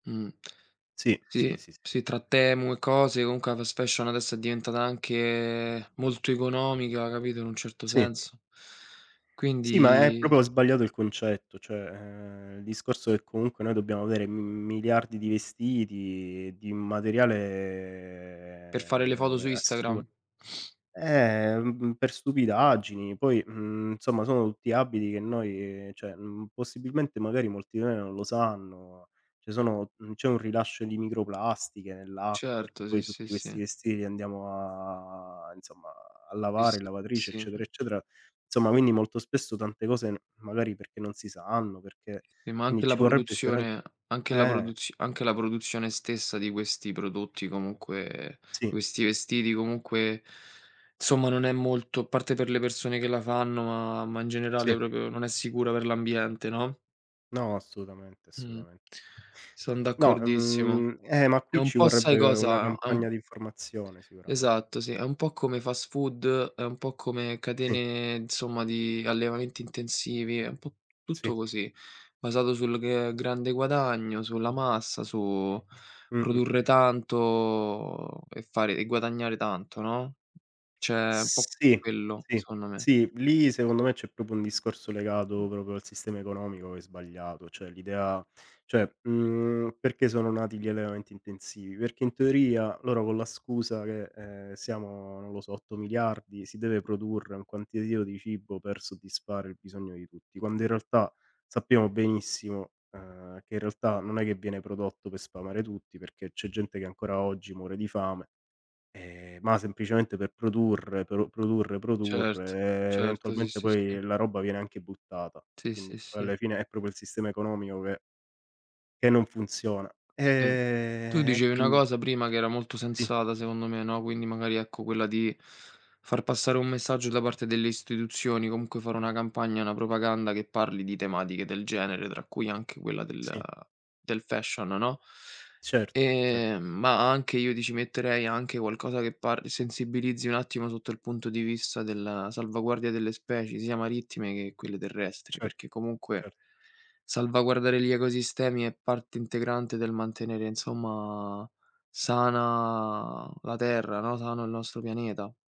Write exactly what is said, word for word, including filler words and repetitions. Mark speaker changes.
Speaker 1: Mh.
Speaker 2: Sì, sì,
Speaker 1: Sì,
Speaker 2: sì, sì, sì.
Speaker 1: sì, tra Temu e cose, unque la fast fashion adesso è diventata anche molto economica, capito, in un certo
Speaker 2: Sì.
Speaker 1: senso.
Speaker 2: Sì, ma è
Speaker 1: Quindi s
Speaker 2: propo sbagliato il concetto, cioè, ehm, il discorso che comunque noi dobbiamo avere, mhmm, miliardi di vestiti, di un
Speaker 1: Per
Speaker 2: materiale,
Speaker 1: fare le foto su
Speaker 2: uhm, assu eh,
Speaker 1: Instagram.
Speaker 2: ehm, mh mhmm, per stupidaggini, poi, mhmm, nsomma, sono tutti abiti che noi, ceh, mhmm, possibilmente magari molti di noi non lo sanno, ceh sono mhmm, c'è un rilascio di microplastiche nell'acqua, perché
Speaker 1: Certo, sì,
Speaker 2: poi
Speaker 1: sì,
Speaker 2: tutti questi
Speaker 1: sì.
Speaker 2: vestiti li andiamo a inzomma, a
Speaker 1: I
Speaker 2: lavare
Speaker 1: sì
Speaker 2: in lavatrice, eccetera
Speaker 1: sì.
Speaker 2: eccetera; zomma, quinni molto spesso, tante cose n magari perché non si sanno, perché
Speaker 1: Eh, ma
Speaker 2: quini
Speaker 1: anche la
Speaker 2: ci vorrebbe sicurame
Speaker 1: produzione anche la
Speaker 2: eh.
Speaker 1: produz anche la produzione stessa di questi prodotti, comunque,
Speaker 2: Sì.
Speaker 1: questi vestiti, comunque, somma non è molto a parte per le persone che la fanno, ma ma in generale
Speaker 2: Sì.
Speaker 1: propo, non è sicura per l'ambiente, no?
Speaker 2: No, assolutamente,
Speaker 1: Mh-mh.
Speaker 2: assutamen.
Speaker 1: Son
Speaker 2: No,
Speaker 1: d'accordissimo.
Speaker 2: uhm, eh, ma
Speaker 1: È
Speaker 2: qui
Speaker 1: un
Speaker 2: ci
Speaker 1: po' sai
Speaker 2: vorrebbe una
Speaker 1: cosa: am
Speaker 2: campagna di informazione sicurame
Speaker 1: Esatto, sì, è un po' come fast food è un po' come
Speaker 2: Sì.
Speaker 1: catene, nzomma, di allevamenti intensivi, è un po'
Speaker 2: Sì.
Speaker 1: tutto così, basato sul gl ehm, grande guadagno, sulla massa, su produrre
Speaker 2: Mh-mh-mh-mh.
Speaker 1: tanto e fare e guadagnare tanto, no. ceh un po'
Speaker 2: Sì.
Speaker 1: quello,
Speaker 2: Sì,
Speaker 1: secondo me.
Speaker 2: sì, lì, secondo me, c'è propo un discorso
Speaker 1: Mh.
Speaker 2: legato propo al sistema economico che è sbagliato, ceh l'idea ceh, mhmm, perché sono nati gli allevamenti intensivi: perché in teoria loro con la scusa che, ehm, siamo, non lo so, otto miliardi, si deve produrre un quantiativo di cibo per soddisfare il bisogno di tutti, quando in realtà sappiamo benissimo, uhm, che in realtà non è che viene prodotto per sfamare tutti, perché c'è gente che ancora oggi muore di fame, ehm, ma semplicemente per produrre, però produrre, produrre
Speaker 1: Certo,
Speaker 2: e
Speaker 1: certo, sì,
Speaker 2: eventualmente
Speaker 1: sì,
Speaker 2: poi
Speaker 1: sì.
Speaker 2: la roba viene anche buttata.
Speaker 1: Sì,
Speaker 2: quinni
Speaker 1: sì,
Speaker 2: poi
Speaker 1: sì.
Speaker 2: alla fine è propio il sistema economico che che non funziona.
Speaker 1: Sì. Tu
Speaker 2: Ehm, e
Speaker 1: dicevi una
Speaker 2: quindi
Speaker 1: cosa prima che era molto
Speaker 2: Ti
Speaker 1: sensata, secondo me, no, quindi, magari, ecco, quella di far passare un messaggio da parte delle istetuzioni, comunque fare una campagna, una propaganda, che parli di tematiche del genere, tra cui anche quella del
Speaker 2: Sì.
Speaker 1: del fashion, no.
Speaker 2: Certo, ce
Speaker 1: Ehm, ma anche io ti ci metterei anche qualcosa che parli sensibilizzi un attimo sotto il punto di vista della salvaguardia delle specie, sia marittime che quelle terrestri,
Speaker 2: Certo,
Speaker 1: perché comunque
Speaker 2: cer
Speaker 1: salvaguardare gli ecosistemi è parte integrante del mantenere, nzomma, sana la Terra, no, sano il nostro pianeta.